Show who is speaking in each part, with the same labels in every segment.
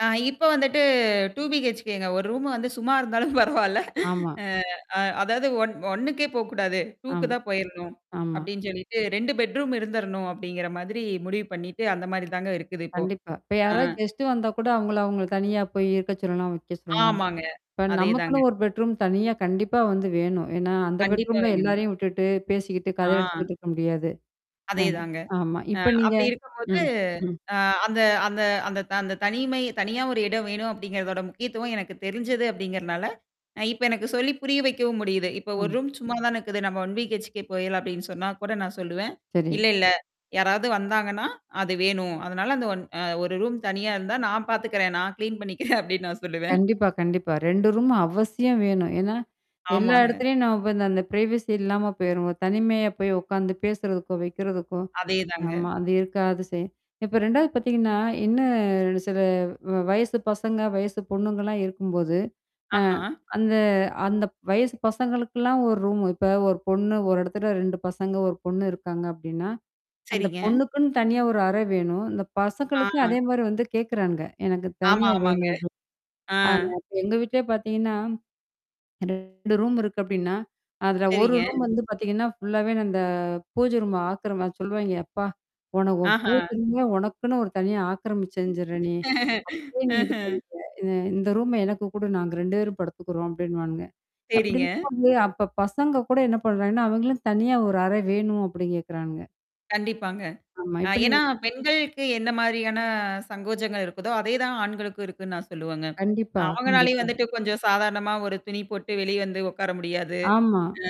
Speaker 1: ஆ இப்ப வந்துட்டு டூ பிஹெச்கேங்க ஒரு ரூம் வந்து சும்மா இருந்தாலும் பரவாயில்ல
Speaker 2: ஆமா.
Speaker 1: அ அ அதாவது ஒன் 1 கே போ கூடாது, 2 க்கு
Speaker 2: ஆமா.
Speaker 1: தான் போயிரணும்,
Speaker 2: ஆமா.
Speaker 1: அப்பிடின்னு சொல்லிவிட்டு 2 பெட்ரூம் இருந்துரணும், அப்பிடிங்கிற மாதிரி முடிவு பண்ணிட்டு அந்தமாரி தாங்க இருக்குது இப்போ.
Speaker 2: கண்டிப்பா. இப்ப
Speaker 1: ஆ.
Speaker 2: யாராவது கெஸ்ட் வந்தாகூட அவுங்கள அவுங்கள தனியா போய் இருக்க சொல்லலாம், வைக்க சொல்லலாம்.
Speaker 1: ஆமாங்க.
Speaker 2: இப்ப
Speaker 1: அதே
Speaker 2: நமக்குன்னு
Speaker 1: தாங்க.
Speaker 2: ஒரு பெட்ரூம் தனியா கண்டிப்பா வந்து வேணும். ஏன்னா, அந்த
Speaker 1: கண்டிப்பா
Speaker 2: பெட்ரூம்ல
Speaker 1: வேணுங்க.
Speaker 2: எல்லாரையும் விட்டுட்டு, பேசிக்கிட்டு கதை
Speaker 1: ஆ.
Speaker 2: அடிச்சிக்கிட்டு இருக்க முடியாது. அ
Speaker 1: அதே தாங்க.
Speaker 2: ஆமா.
Speaker 1: அ
Speaker 2: இப்ப நீங்க
Speaker 1: அப்பிடி இருக்கும்போது
Speaker 2: ம், ம்.
Speaker 1: அ அந்த அந்த அந்த த அந்த தனிமை தனியா ஒரு இடம் வேணும் அப்பிடிங்கிறதோட முக்கியத்துவம் எனக்கு தெரிஞ்சது அப்பிடிங்கிறதுனால, அ இப்ப எனக்கு சொல்லி புரிய வைக்கவும் முடியுது. இப்ப 1
Speaker 2: ம்.
Speaker 1: ரூம் சும்மா தான் இருக்குது. நம்ம ஒன் வீ ஹெச்கே போயிர்லாம் அப்பிடின்னு சொன்னா கூட நான் சொல்லுவேன்.
Speaker 2: சரி.
Speaker 1: இல்ல, இல்ல யாராவது வந்தாங்கன்னா, அது வேணும். அதனால அந்த ஒன் அ 1 ரூம் தனியா இருந்தா நான் பார்த்துக்கிறேன், நான் கிளீன் பண்ணிக்கிறேன் அப்பிடின்னு நான் சொல்லுவேன்
Speaker 2: கண்டிப்பா, கண்டிப்பா. 2 ரூம் அவசியம் வேணும். ஏன்னா, எல்லா
Speaker 1: ஆமாங்க.
Speaker 2: இடத்துலயும் நம்ம இப்ப அந்த பிரைவசி இல்லாம போயிருவோம். தனிமையா போய் உட்காந்து பேசறதுக்கோ! வைக்கிறதுக்கோ!
Speaker 1: அதே தாங்க.
Speaker 2: ஆமா. அது இருக்காது சே இப்ப 2 வது பார்த்தீங்கன்னா, இன்னும் சில வ வயசு பசங்க வயசு பொண்ணுங்கலாம் இருக்கும்போது அ
Speaker 1: ஆஹா!
Speaker 2: அந்த அந்த வயசு பசங்களுக்கெல்லாம் ஒரு ரூம் இப்ப ஒரு பொண்ணு ஒரு இடத்துல 2 பசங்க 1 பொண்ணு இருக்காங்க அப்பிடின்னா, அந்த
Speaker 1: சரிங்க.
Speaker 2: பொண்ணுக்குன்னு தனியா ஒரு அறை வேணும். இந்த பசங்களுக்கும்
Speaker 1: ஆ.
Speaker 2: அதே மாதிரி வந்து கேட்குறானுங்க. எனக்கு
Speaker 1: ஆமா,
Speaker 2: தனியா வேணும்
Speaker 1: ஆமாங்க.
Speaker 2: அப்பிடின்னு
Speaker 1: ஆ.
Speaker 2: ஆ [unintelligible] எங்க வீட்லே பார்த்தீங்கன்னா, 2 ரூம் இருக்கு அப்பிடின்னா, அதில ஒரு
Speaker 1: சரிங்க.
Speaker 2: ரூம் வந்து பார்த்தீங்கன்னா ஃபுல்லாவே அந்த பூஜ ரூம் ஆக்கிரம சொல்லுவாங்க அப்பா! உன உன்
Speaker 1: ஆஹா!
Speaker 2: பூஜை ரூமே உனக்குன்னு ஒரு தனியா ஆக்கிரமிச்சுஞ்சிற நீ! அப்பவே நீ இது
Speaker 1: ம்ஹ்ம்.
Speaker 2: பண்ற! இது இந்த ரூம எனக்கு கூடு. நாங்க 2 பேரும் படுத்துக்குறோம் அப்பிடின்னுவானுங்க. அப்பிடி
Speaker 1: சரிங்க.
Speaker 2: [unintelligible] அப்ப பசங்ககூட என்ன பண்ணுறாங்கன்னா, அவுங்களும் தனியா ஒரு அறை வேணும் அப்பிடி கேட்குறானுங்க.
Speaker 1: கண்டிப்பாங்க.
Speaker 2: ஆமா,
Speaker 1: ஆ
Speaker 2: இப்ப நீ
Speaker 1: ஏன்னா பெண்களுக்கு என்ன மாதிரியான சங்கோஜங்கள் இருக்குதோ! அதேதான் ஆண்களுக்கும் இருக்குன்னு நான் சொல்லுவங்க.
Speaker 2: கண்டிப்பா,
Speaker 1: அவுங்கனாலையும்
Speaker 2: கண்டிப்பா.
Speaker 1: வந்துட்டு கொஞ்சம் சாதாரணமா ஒரு துணி போட்டு வெளிய வந்து உட்கார முடியாது
Speaker 2: ஆமா.
Speaker 1: ஆ,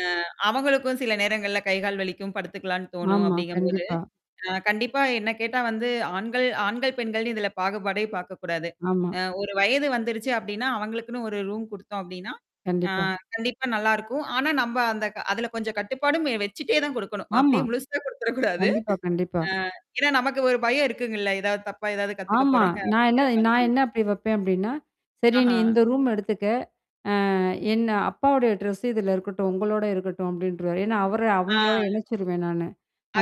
Speaker 1: அவங்களுக்கும் சில நேரங்கள்ல கை, கால் வலிக்கும். படுத்துக்கலாம்ன்னு தோணும்,
Speaker 2: ஆமா.
Speaker 1: அப்பிடிங்கும்போது
Speaker 2: கண்டிப்பா.
Speaker 1: அ கண்டிப்பா என்ன கேட்டா வந்து ஆண்கள் ஆண்கள் பெண்கள் இதில பாகுபாடே பார்க்கக்கூடாது.
Speaker 2: ஆமா.
Speaker 1: அ ஒரு வயது வந்துருச்சு அப்பிடின்னா, அவுங்களுக்குன்னு ஒரு ரூம் கொடுத்தோம் அப்படின்னா, ஆ
Speaker 2: கண்டிப்பா.
Speaker 1: கண்டிப்பா நல்லாயிருக்கும். ஆனா நம்ம அந்த க அதில கொஞ்சம் கட்டுப்பாடும் வெ வச்சுட்டேதான் கொடுக்கணும்.
Speaker 2: ஆமா.
Speaker 1: அப்பிடியே முழுசா கொடுத்துற கூடாது.
Speaker 2: கண்டிப்பா, கண்டிப்பா.
Speaker 1: ஆ ஏன்னா, நமக்கு ஒரு பயம் இருக்குங்கல்ல. ஏதாவது தப்பா ஏதாவது கத்துக்கப்
Speaker 2: ஆமா.
Speaker 1: போறாங்க.
Speaker 2: நான் என்ன
Speaker 1: அப்பிடிங்கிற
Speaker 2: நான்
Speaker 1: மாதிரி.
Speaker 2: என்ன அப்பிடி வைப்பேன் அப்பிடின்னா, சரி, நீ
Speaker 1: ஆஹா!
Speaker 2: இந்த ரூம்ம எடுத்துக்க. ஆ என்ன அப்பாவுடைய ட்ரெஸ்ஸு இதில இருக்கட்டும். உங்களோட இருக்கட்டும். அப்பிடின்ருவேன். ஏன்னா, அவர
Speaker 1: ஆ.
Speaker 2: அவங்களோட இணைச்சிருவேன் நானு.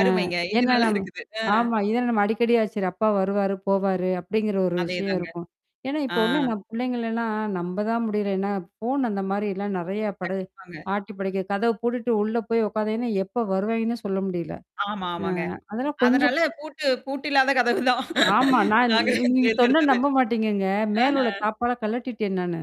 Speaker 2: ஆ,
Speaker 1: இது
Speaker 2: ஏன்னா
Speaker 1: நல்லா
Speaker 2: நம்ம
Speaker 1: இருக்குது. ஆ.
Speaker 2: ஆமா இதெல்லாம் நம்ம அடிக்கடியா சரி. அப்பா வருவாரு போவாரு! அப்பிடிங்கிற ஒரு
Speaker 1: அதே
Speaker 2: விஷயம்
Speaker 1: தாங்க.
Speaker 2: இருக்கும். ஏன்னா,
Speaker 1: ஆ.
Speaker 2: இப்ப உள்ள நம் பிள்ளைங்கள எல்லாம் நம்ப தான் முடியல. ஏன்னா, ஃபோன் அந்த மாதிரிலாம் நிறையா படு
Speaker 1: கண்டிப்பாங்க.
Speaker 2: ஆட்டி படைக்க கதவு பூட்டிட்டு உள்ள போய் உட்காதாங்கன்னா, எப்போ வருவாய்ங்கன்னு சொல்ல முடியல.
Speaker 1: ஆமா,
Speaker 2: ஆ,
Speaker 1: ஆமாங்க.
Speaker 2: அதெல்லாம் கொஞ்சம்
Speaker 1: அதனால பூட்டு பூட்டு இல்லாத கதவு தான்,
Speaker 2: ஆமா. நான் நீ
Speaker 1: நாங்க
Speaker 2: நீ நீங்க சொன்னா
Speaker 1: தேர்ந்தெடுத்தது
Speaker 2: நம்ப மாட்டீங்கங்க. மேல உள்ள
Speaker 1: ஆஹா!
Speaker 2: தாப்பாழ கழட்டிட்டேன் நானு.